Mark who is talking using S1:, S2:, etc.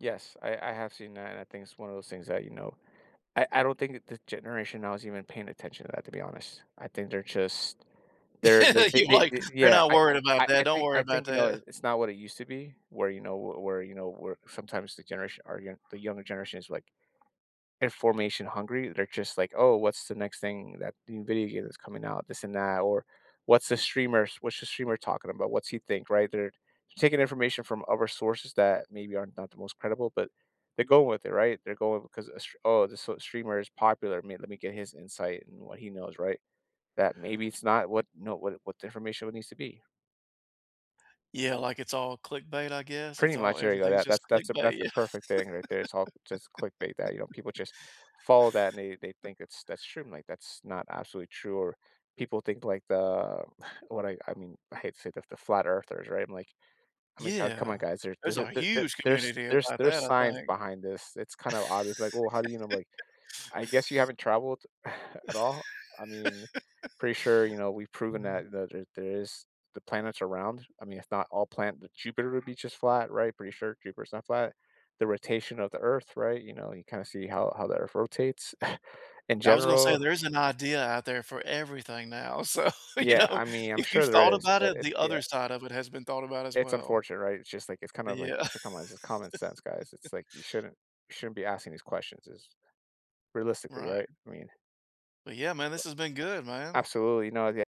S1: Yes, I I have seen that, and I think it's one of those things that, you know I I don't think that this generation now is even paying attention to that, to be honest, I think they're just they're they they
S2: You're
S1: they
S2: like,
S1: they
S2: "They're
S1: yeah,
S2: not
S1: I
S2: worried about
S1: I I
S2: that,
S1: I
S2: don't
S1: think
S2: worry
S1: I
S2: about
S1: think, you know,
S2: that."
S1: it's not what it used to be where, you know w where, you know, where sometimes the generation or, you know, the younger generation is, like, information hungry, they're just like, "Oh, what's the next thing that the, new, video game is coming out?" This and that, or, "What's the streamer's what's the streamer talking about? What's he think?" Right, they're taking information from other sources that maybe aren't not the most credible, but they're going with it, right? They're going ‘cause a str "Oh, this, uh, streamer is popular, me let me get his insight and what he knows,” right? That maybe it's not what, you know, what, eh, what the information would need to be.
S2: Yeah, like, it's all clickbait, I guess,
S1: Pretty
S2: it's all
S1: much, there you go,
S2: everything's
S1: that
S2: just
S1: that's that's a
S2: clickbait,
S1: that's the
S2: yeah.
S1: perfect thing right there, it's all just clickbait that, you know, people just follow that, and they they think it's that's true, I'm like, that's not absolutely true, or, people think, like, the what I I mean, I hate to say that the flat earthers, right? I'm like, I mean, "Co come
S2: Yeah,
S1: on, guys, there's
S2: there's
S1: there's, eh
S2: a
S1: there's there's,
S2: huge
S1: there's
S2: community
S1: there's
S2: about that,
S1: there's
S2: I
S1: science
S2: think.
S1: behind this, it's kind of obvious," be like, "Well, how do you know?" Be like, "I guess you haven't traveled at all, I mean, pretty sure, you know, we've proven that
S2: Mhm.
S1: that there there is the planet's are round. I mean, if not all plan that Jupiter would be just flat, right? Pretty sure Jupiter's not flat. The rotation of the Earth, right? You know, you kinda see how how the Earth rotates in
S2: I was gonna say
S1: general."
S2: there is an idea out there for everything now, so, you
S1: Yeah,
S2: know,
S1: I mean, I'm
S2: if you've
S1: sure
S2: thought
S1: there is,
S2: about
S1: but
S2: it,
S1: it's
S2: the
S1: Yeah.
S2: other side of it has been thought about as
S1: It's
S2: well.
S1: unfortunate, right? It's just like it's kind
S2: Eh,
S1: of like,
S2: yeah.
S1: it's a come on, it's just common sense, guys, it's like, you shouldn't you shouldn't be asking these questions is realistically,
S2: Right.
S1: right? I mean
S2: But, yeah, man, this
S1: But
S2: has been good, man.
S1: Absolutely, no Yeah